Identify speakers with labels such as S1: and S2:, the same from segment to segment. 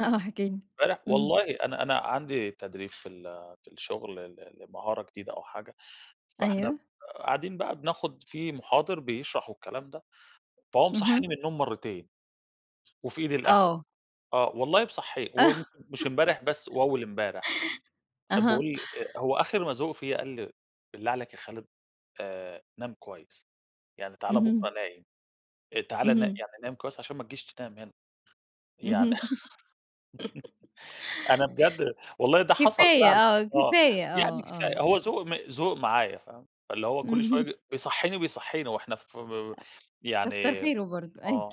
S1: آه، آه احكِ لي.
S2: امبارح
S1: اهم.
S2: والله، أنا أنا عندي تدريب في ال في الشغل ل لمهارة جديدة أو حاجة، فإحنا ب
S1: أيوه.
S2: قاعدين بقى بناخد في مُحاضر بيشرح والكلام ده، فهو مصحيني
S1: اهم.
S2: من النوم مرتين، وفي إيدي القهوة،
S1: آه.
S2: آه والله، مصحيني و مش امبارح بس، وأول مبارح،
S1: أها.
S2: باقول هو آخر ما زهق فيا قال لي: "بالله عليك يا خالد، آآ نام كويس يعني، تعالَ بكرا
S1: اهم.
S2: نايم، تعالَ نا
S1: اهم.
S2: يعني نايم كويس عشان ما تجيش تنام هنا،
S1: اهم
S2: يعني أنا بجد والله، ده حصل
S1: كفاية
S2: فعلًا،
S1: آه،
S2: آه،
S1: كفاية آه،
S2: يعني
S1: آه.
S2: كفاية هو ذوق م ذوق معايا، فاهمة، اللي هو كل
S1: اهم.
S2: شوية بيصحيني وبيصحينا وإحنا ف
S1: أ كتر
S2: يعني،
S1: خيره برضه، أيوه.
S2: آه.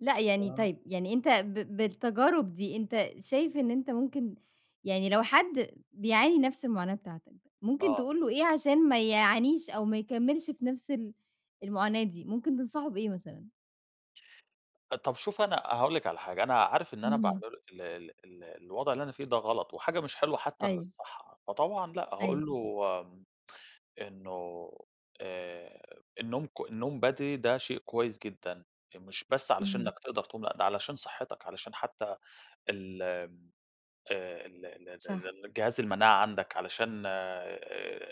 S1: لأ يعني،
S2: [unintelligible]
S1: طيب يعني أنت ب بالتجارب دي، أنت شايف إن أنت ممكن يعني لو حد بيعاني نفس المعاناة بتاعتك، ممكن
S2: آه.
S1: تقول له إيه عشان ما يعانيش أو ما يكملش في نفس ال المعاناة دي؟ ممكن تنصحه بإيه مثلًا؟
S2: طب شوفي، أنا هاقول لِك على حاجة، أنا عارف إن أنا
S1: اهم.
S2: باعمل ال ال ال الوضع اللي أنا فيه ده غلط، وحاجة مش حلوة حتى
S1: أيوه.
S2: للصحة، فطبعًا لا،
S1: أيوه.
S2: هاقول له إنه آآ النوم ك النوم بدري ده شيء كويس جدًا، مش بس علشان إنك
S1: اهم.
S2: تقدر تقوم، ده علشان صحتك، علشان حتى ال ال آآ، ال
S1: صح.
S2: ال الجهاز المناعة عندك، علشان آآ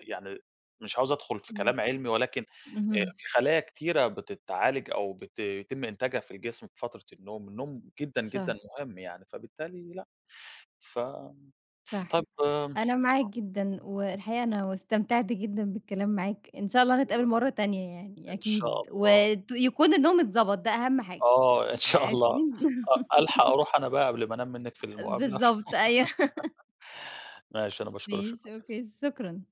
S2: يعني مش عاوز أدخل في
S1: إمم.
S2: كلام علمي، ولكن
S1: اهم.
S2: في خلايا كتيرة بتتعالج أو بت بيتم إنتاجها في الجسم في فترة النوم، النوم جدًا جدًا
S1: صح.
S2: مهم يعني، فبالتالي لا، ف طيب
S1: صح، أنا معاك جدًا،
S2: [unintelligible]
S1: والحقيقة أنا استمتعت جدًا بالكلام معاك، إن شاء الله نتقابل
S2: [unintelligible]
S1: مرة تانية يعني
S2: إن
S1: أكيد،
S2: شاء الله.
S1: وت يكون النوم اتضبط، ده أهم حاجة
S2: آه، إن شاء
S1: أكيد.
S2: الله. أ ألحق أروح أنا بقى قبل ما أنام منِك في المقابلة،
S1: بالضبط أيوه.
S2: ماشي، أنا باشكرِك، شكرًا
S1: ماشي
S2: جزيلًا.
S1: أوكي شكرًا.